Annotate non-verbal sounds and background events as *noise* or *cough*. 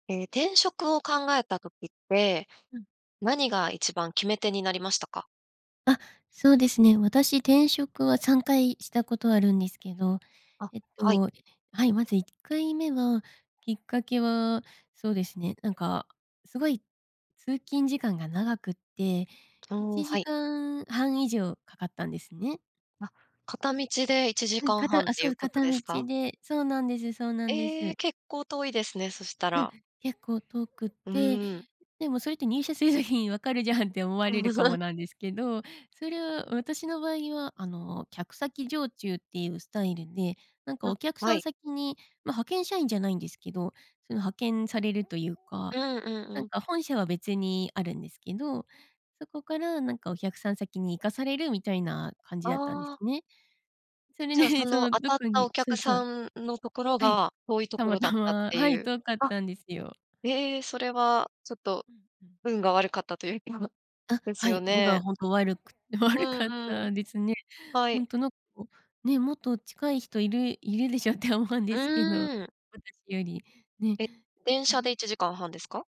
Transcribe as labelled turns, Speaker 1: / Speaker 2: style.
Speaker 1: ええ、転職を考えた時って、
Speaker 2: うん。
Speaker 1: 何が一番決め手になりましたか？
Speaker 2: あ、そうですね。私、転職は3回したことあるんですけど、
Speaker 1: あ、
Speaker 2: えっ
Speaker 1: はい。
Speaker 2: と、はい。まず1回目は、きっかけは、そうですね。なんか、すごい、通勤時間が長くって、い
Speaker 1: おお、
Speaker 2: ち
Speaker 1: は
Speaker 2: じ
Speaker 1: い。
Speaker 2: かんはん以上かかったんですね。
Speaker 1: あ、片道でいちじ
Speaker 2: う
Speaker 1: か
Speaker 2: ん、
Speaker 1: ん
Speaker 2: か
Speaker 1: はん
Speaker 2: た
Speaker 1: っ
Speaker 2: あ、
Speaker 1: てい
Speaker 2: そ
Speaker 1: う
Speaker 2: う。
Speaker 1: こと
Speaker 2: 片
Speaker 1: です
Speaker 2: 道
Speaker 1: か？
Speaker 2: で。そうなんですそうなんで
Speaker 1: ええ。
Speaker 2: す。
Speaker 1: 結構遠いですね、そした
Speaker 2: うん。
Speaker 1: ら。
Speaker 2: 結構遠くっ
Speaker 1: う
Speaker 2: て、
Speaker 1: ーん。
Speaker 2: でもそれって入社する時に分かるじゃんって思われるかも
Speaker 1: *laughs*
Speaker 2: なんですけど、それは私の場合は、あの、客先常駐っていうスタイルで、なんかお
Speaker 1: あ、
Speaker 2: 客
Speaker 1: は
Speaker 2: さん
Speaker 1: い。
Speaker 2: 先に、ま、派遣社員じゃないんですけど、その派遣されるというか、
Speaker 1: うんうん
Speaker 2: な
Speaker 1: う
Speaker 2: ん
Speaker 1: ん。
Speaker 2: か本社は別にあるんですけど、そこからなんかお客さん先に行かされるみたいな感じだったんです
Speaker 1: ああ。
Speaker 2: ね。それ
Speaker 1: じゃあ、そ
Speaker 2: でそ
Speaker 1: の
Speaker 2: の
Speaker 1: 当
Speaker 2: ど
Speaker 1: たっ
Speaker 2: こ
Speaker 1: たお
Speaker 2: にそ
Speaker 1: 客
Speaker 2: うそう。
Speaker 1: さんのところ
Speaker 2: はい。
Speaker 1: が遠いと
Speaker 2: た
Speaker 1: こ
Speaker 2: ま
Speaker 1: ろだっ
Speaker 2: た
Speaker 1: たっ
Speaker 2: ま、
Speaker 1: て
Speaker 2: は
Speaker 1: い
Speaker 2: い。
Speaker 1: う。
Speaker 2: 遠かっ
Speaker 1: あ。
Speaker 2: たんですよ。
Speaker 1: ええ、それはちょっと、
Speaker 2: うんうん。
Speaker 1: 運が悪かったという気は、
Speaker 2: あ、
Speaker 1: です
Speaker 2: は
Speaker 1: よ
Speaker 2: い。運が
Speaker 1: ね。
Speaker 2: ほんと、悪く
Speaker 1: う
Speaker 2: 悪かっ
Speaker 1: んうん。
Speaker 2: たですね。
Speaker 1: は
Speaker 2: ほ
Speaker 1: い。
Speaker 2: んとなんか、ね、もっと近い人いるいるでしょって思うん
Speaker 1: う
Speaker 2: ですけど、
Speaker 1: ーん。
Speaker 2: 私よりね。
Speaker 1: え、電
Speaker 2: う
Speaker 1: 車で
Speaker 2: ん。
Speaker 1: 1時間半ですか？